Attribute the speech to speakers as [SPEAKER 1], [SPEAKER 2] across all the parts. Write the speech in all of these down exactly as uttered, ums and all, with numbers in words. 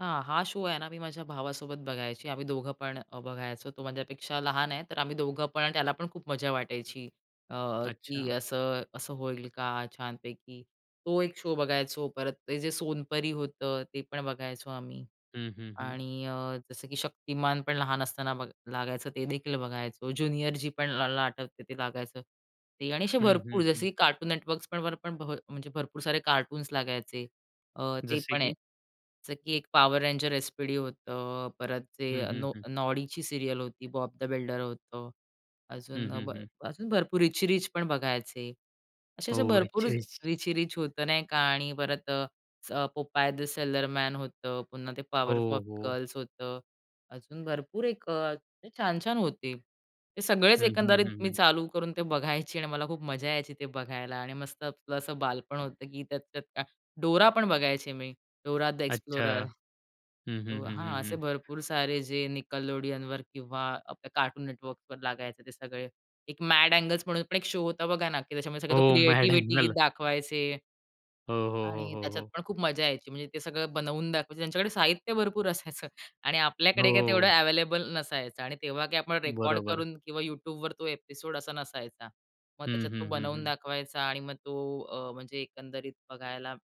[SPEAKER 1] हां, हा, शो आहे ना, मी माझ्या भावासोबत बघायचे. आम्ही दोघं पण अ, बघायचो. तो माझ्यापेक्षा लहान आहे, तर आम्ही दोघं पण त्याला पण खूप मजा वाटायची अ, की
[SPEAKER 2] अच्छा.
[SPEAKER 1] असं असं होईल का छानपैकी. तो एक शो बघायचो. परत ते जे सोनपरी होतं, ते पण बघायचो आम्ही
[SPEAKER 2] हं, हं, हं.
[SPEAKER 1] आणि अ, जसं की शक्तिमान पण लहान असताना बघ लागायचं ते देखील बघायचो. ज्युनियर जी पण लला आठवते ते लागायचं ते आणि असे
[SPEAKER 2] हं,
[SPEAKER 1] भरपूर
[SPEAKER 2] हं,
[SPEAKER 1] जसे,
[SPEAKER 2] हं.
[SPEAKER 1] की कार्टून नेटवर्क्स पण वर पण भ म्हणजे भरपूर सारे कार्टून्स लागायचे. अ, ते
[SPEAKER 2] जसे
[SPEAKER 1] पण आहे.
[SPEAKER 2] की?
[SPEAKER 1] च की एक पॉवर रेंजर एसपीडी होतं. परत ते
[SPEAKER 2] हं, हं,
[SPEAKER 1] नॉ
[SPEAKER 2] हं.
[SPEAKER 1] नॉडीची सीरियल होती, बॉब द बिल्डर होतं.
[SPEAKER 2] हं,
[SPEAKER 1] अजून अ,
[SPEAKER 2] हं,
[SPEAKER 1] ब
[SPEAKER 2] हं.
[SPEAKER 1] अजून भरपूर रिची रिच पण बघायचे. असे-असे
[SPEAKER 2] हो.
[SPEAKER 1] भरपूर
[SPEAKER 2] रिची रिच.
[SPEAKER 1] रिची रिच होतं नाही का आणि परत अ, स पोपाय द सेलरमॅन होतं. पुन्हा ते
[SPEAKER 2] हो,
[SPEAKER 1] पॉवरपफ
[SPEAKER 2] हो.
[SPEAKER 1] गर्ल्स होतं. अजून भरपूर एक अ, छान-छान होते. ते सगळेच
[SPEAKER 2] हं, हं,
[SPEAKER 1] एकंदरीत
[SPEAKER 2] हं,
[SPEAKER 1] मी
[SPEAKER 2] हं.
[SPEAKER 1] चालू करून ते बघायची आणि मला खूप मजा यायची ते बघायला आणि मस्त आपलं असं बालपण होतं, की त्यात ते त्या डोरा पण बघायची मी. डोरा द
[SPEAKER 2] अच्छा.
[SPEAKER 1] एक्सप्लोरर.
[SPEAKER 2] हं, हं,
[SPEAKER 1] तो
[SPEAKER 2] हं,
[SPEAKER 1] हां,
[SPEAKER 2] हं,
[SPEAKER 1] असे
[SPEAKER 2] हं.
[SPEAKER 1] भरपूर सारे जे निकलोडियनवर किंवा आपल्या कार्टून नेटवर्कवर लागायचे ते सगळे एक मॅड अँगल म्हणून पण एक शो होता बघा ना, की त्याच्यामुळे तो
[SPEAKER 2] हो. Mad
[SPEAKER 1] creativity
[SPEAKER 2] angle.
[SPEAKER 1] दाखवायचे.
[SPEAKER 2] हो, हो, हो,
[SPEAKER 1] आणि
[SPEAKER 2] हो,
[SPEAKER 1] त्याच्यात
[SPEAKER 2] हो.
[SPEAKER 1] पण खूप मजा यायची. म्हणजे ते सगळं बनवून दाखवायचे. त्यांच्याकडे साहित्य भरपूर असायचं. आणि आपल्याकडे काय तेवढं
[SPEAKER 2] हो.
[SPEAKER 1] अवेलेबल नसायचं. आणि तेव्हा काय आपण रेकॉर्ड
[SPEAKER 2] बरोबर.
[SPEAKER 1] करून किंवा YouTubeवर तो एपिसोड असा नसायचा. मग
[SPEAKER 2] हं,
[SPEAKER 1] त्याच्यात तो
[SPEAKER 2] हं, हं,
[SPEAKER 1] बनवून
[SPEAKER 2] हं.
[SPEAKER 1] दाखवायचा आणि मग तो अ, म्हणजे एकंदरीत बघायला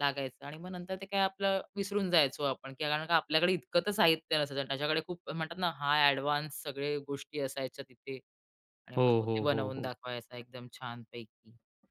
[SPEAKER 1] लागायचं आणि मग नंतर ते काय आपलं विसरून जायचो आपण. कारण का आपल्याकडे इतकं तर साहित्य नसायचं. त्याच्याकडे खूप म्हणतात ना, हाय एडवान्स सगळे गोष्टी असायच्या तिथे. आणि
[SPEAKER 2] हो,
[SPEAKER 1] मग तो ते
[SPEAKER 2] हो, हो,
[SPEAKER 1] बनवून
[SPEAKER 2] हो.
[SPEAKER 1] दाखवायचा एकदम छान पैकी.